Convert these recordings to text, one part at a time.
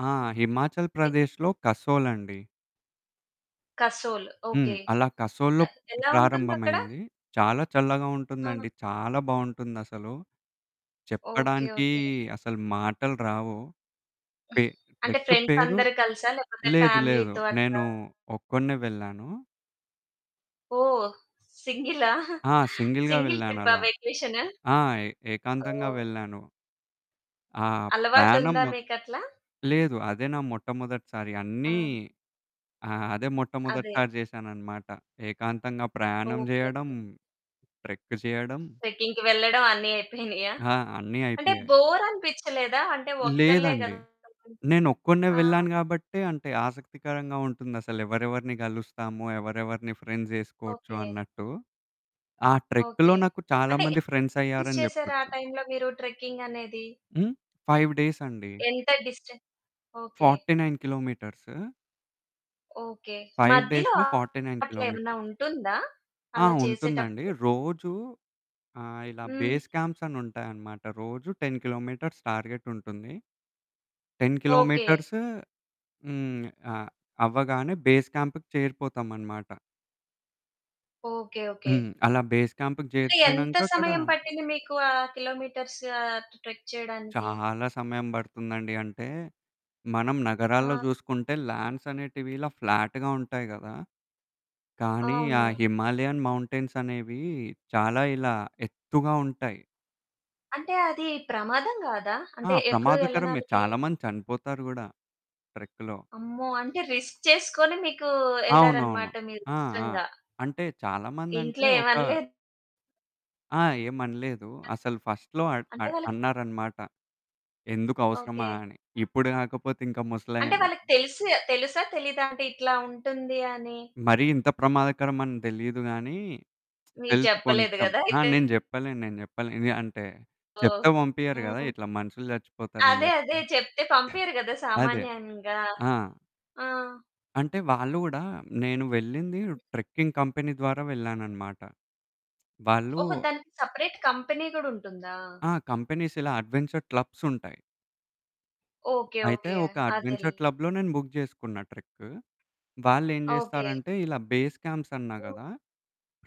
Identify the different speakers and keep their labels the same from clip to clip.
Speaker 1: ఆ! హిమాచల్‌
Speaker 2: ఏ
Speaker 1: ప్రదేశ్‌లో కసోల్ అండి.
Speaker 2: కసోల్,
Speaker 1: హ్మ్.
Speaker 2: ఓకె.
Speaker 1: అలా కసోల్‌లో
Speaker 2: ఎలా ఉంటుందక్కడా?
Speaker 1: ప్రారంభమైంది, చాలా చల్లగా
Speaker 2: ఆ!
Speaker 1: ఉంటుందండి, చాలా బావుంటుందసలు,
Speaker 2: ఓకె.
Speaker 1: చెప్పడానికీ
Speaker 2: ఓకె.
Speaker 1: అసలు మాటలు రావు. పె
Speaker 2: అంటే
Speaker 1: ట్రెక్కు
Speaker 2: ఫ్రెండ్స్
Speaker 1: పేరు
Speaker 2: అందరు కలిసా? లేకపోతే
Speaker 1: లేదు లేదు
Speaker 2: ఫ్యామిలీతో అట్లా
Speaker 1: నేను ఒక్కడినే వెళ్ళాను.
Speaker 2: ఓహ్! సింగిలా?
Speaker 1: ఆ! సింగిల్‌గా
Speaker 2: సింగిల్ ట్రిప్పా?
Speaker 1: వెళ్ళానలా,
Speaker 2: వెకేషను.
Speaker 1: ఆ! ఏ -ఏకాంతంగా
Speaker 2: ఓహ్!
Speaker 1: వెళ్ళాను. ఆ! ప్రాణం
Speaker 2: అలవాటుందా
Speaker 1: మొ
Speaker 2: మీకట్లా?
Speaker 1: లేదు అదే నా మొట్టమొదటిసారి అన్నీ
Speaker 2: ఆ!
Speaker 1: ఆ! అదే
Speaker 2: అదే.
Speaker 1: మొట్టమొదటిసారి చేశానన్నమాట. ఏకాంతంగా ప్రయాణం
Speaker 2: ఓకె.
Speaker 1: చేయడం,
Speaker 2: ఓకె.
Speaker 1: ట్రెక్కు చేయడం
Speaker 2: ట్రెక్కింగ్‌కి వెళ్లడం అన్ని అయిపోయినాయా?
Speaker 1: ఆ! అన్ని
Speaker 2: అంటే
Speaker 1: అయిపోయాయి.
Speaker 2: బోరనిపిచ్చలేదా అంటే ఒక్కలే
Speaker 1: లేదండి.
Speaker 2: కదా! [unintelligible]
Speaker 1: నేనొక్కడినే
Speaker 2: ఆ!
Speaker 1: వెళ్ళాను కాబట్టే, అంటే ఆసక్తికరంగా ఉంటుందసలు ఎవరెవరిని కలుస్తాము, ఎవరెవరిని ఫ్రెండ్స్ జేసుకోవచ్చు,
Speaker 2: ఓకె.
Speaker 1: అన్నట్టు. ఆ ట్రెక్‌లో
Speaker 2: ఓకె.
Speaker 1: నాకు చాలా
Speaker 2: అంటే
Speaker 1: మంది
Speaker 2: ఎన్ని
Speaker 1: ఫ్రెండ్స్
Speaker 2: డేస్
Speaker 1: అయ్యారని
Speaker 2: చేసారు ఆ
Speaker 1: జెప్పొచ్చు.
Speaker 2: టైంలో మీరు ట్రెక్కింగ్ అనేది.
Speaker 1: హ్మ్. 5 డేసండి.
Speaker 2: ఎంత డిస్టె ఓకె.
Speaker 1: 49 కిలోమీటర్స్.
Speaker 2: ఓకె.
Speaker 1: 5
Speaker 2: మధ్యలో
Speaker 1: డేస్‌లో, 49
Speaker 2: అట్లా ఏమైనా
Speaker 1: కిలోమీటర్స్.
Speaker 2: ఉంటుందా?
Speaker 1: ఆ!
Speaker 2: అలా
Speaker 1: ఉంటుందండి.
Speaker 2: చేసేటప్పుడు?
Speaker 1: రోజూ ఆహ్, ఇలా
Speaker 2: హ్మ్.
Speaker 1: బేస్ క్యాంప్స్ అనుంటాయనమాట, రోజు 10 కిలోమీటర్స్ టార్గెట్ ఉంటుంది. 10
Speaker 2: ఓకె.
Speaker 1: కిలోమీటర్స్ హ్మ్, అ అవ్వగానే బేస్ క్యాంప్‌కి చేరిపోతాం అనమాట.
Speaker 2: ఓకె. ఓకె.
Speaker 1: హ్మ్. అలా బేస్ క్యాంప్‌కి
Speaker 2: అంటే, ఎంత
Speaker 1: జేరిపోయినంక అక్కడ
Speaker 2: సమయం పట్టింది మీకు ఆ కిలోమీటర్స్, ఆహ్, టు ట్రెక్ చేయడానికి?
Speaker 1: చాలా సమయం పడుతుందండి. అంటే, మనం నగరాల్లో
Speaker 2: ఆ!
Speaker 1: జూసుకుంటే ల్యాండ్స్ అనేటివి, ఇలా ఫ్లాట్‌గా ఉంటాయి గదా! కానీ ఆ
Speaker 2: అవును.
Speaker 1: హిమాలయన్ మౌంటైన్స్ అనేవీ, చాలా ఇలా ఎత్తుగా ఉంటాయి.
Speaker 2: అంటే అది ప్రమాదం గాదా?
Speaker 1: ఆ
Speaker 2: అంటే ఎప్పుడు
Speaker 1: ప్రమాదకరమే.
Speaker 2: ఎల్లనాల్లకీ.
Speaker 1: చాలా మంది చనిపోతారు కూడా ట్రెక్‌లో.
Speaker 2: అమ్మో! అంటే రిస్క్ చేసుకొని మీకు
Speaker 1: అవునవును.
Speaker 2: ఎళ్లారనమాట మీరు
Speaker 1: ఆ! ఆ!
Speaker 2: ఇష్టంగా.
Speaker 1: అంటే చాలామందంటే
Speaker 2: ఇంట్లో ఏం
Speaker 1: ఒక
Speaker 2: అనలేద్
Speaker 1: ఆ! ఏమనలేదు. అసలు ‌ఫస్ట్‌లో అడ్
Speaker 2: అంటే
Speaker 1: అడ్
Speaker 2: వాళ్ళకి
Speaker 1: అన్నారనమాట. ఎందుకు అవసరమా
Speaker 2: ఓకె.
Speaker 1: అని, ఇప్పుడు గాకపోతే ఇంక
Speaker 2: అంటే
Speaker 1: ముసలము
Speaker 2: వాళ్ళకి తెలుసు తెలుసా, తెలియదా అంటే ఇట్లా ఉంటుంది అని?
Speaker 1: మరీ ఇంత ప్రమాదకరం అని తెలియదు గానీ,
Speaker 2: మీరు
Speaker 1: తెలుసు
Speaker 2: చెప్పలేదు
Speaker 1: కొంచెం
Speaker 2: గదా!
Speaker 1: ఆహ్,
Speaker 2: అయితే.
Speaker 1: నేను జెప్పలేను, నేను జెప్పలేను అంటే
Speaker 2: ఓహ్!
Speaker 1: చెప్తే పంపియ్యరు గదా!
Speaker 2: హ్మ్.
Speaker 1: ఇట్లా మనుషులు జచ్చిపోతారు అని
Speaker 2: అదే, అదే,
Speaker 1: జెప్పి.
Speaker 2: చెప్తే పంపియ్యరు గదా
Speaker 1: అదే.
Speaker 2: సామాన్యంగా.
Speaker 1: ఆ!
Speaker 2: ఆ!
Speaker 1: అంటే, వాళ్ళు గూడా నేను వెళ్ళింది ట్రెక్కింగ్ కంపెనీ ద్వారా వెళ్ళాననమాట. వాళ్ళు
Speaker 2: ఓహో! దానికి సెపరేట్ కంపెనీ గూడుంటుందా?
Speaker 1: ఆ! కంపెనీస్ ఇలా అడ్వెంచర్ క్లబ్సుంటాయి...
Speaker 2: ఓకె.
Speaker 1: అయితే,
Speaker 2: ఓకె.
Speaker 1: ఒక
Speaker 2: అదెల్
Speaker 1: అడ్వెంచర్ క్లబ్‌లో నేను బుక్ చేసుకున్, ట్రెక్కు. వాళ్ళేం
Speaker 2: ఓకె.
Speaker 1: జేస్తారంటే, ఇలా బేస్ క్యాంప్స్ అన్నా
Speaker 2: హ్మ్.
Speaker 1: గదా!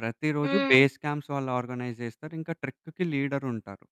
Speaker 1: ప్రతిరోజు
Speaker 2: హ్మ్.
Speaker 1: బేస్ క్యాంప్స్ వాళ్ళు ఆర్గనైజ్ జేస్తారింకా ట్రెక్కుకి లీడరుంటారు.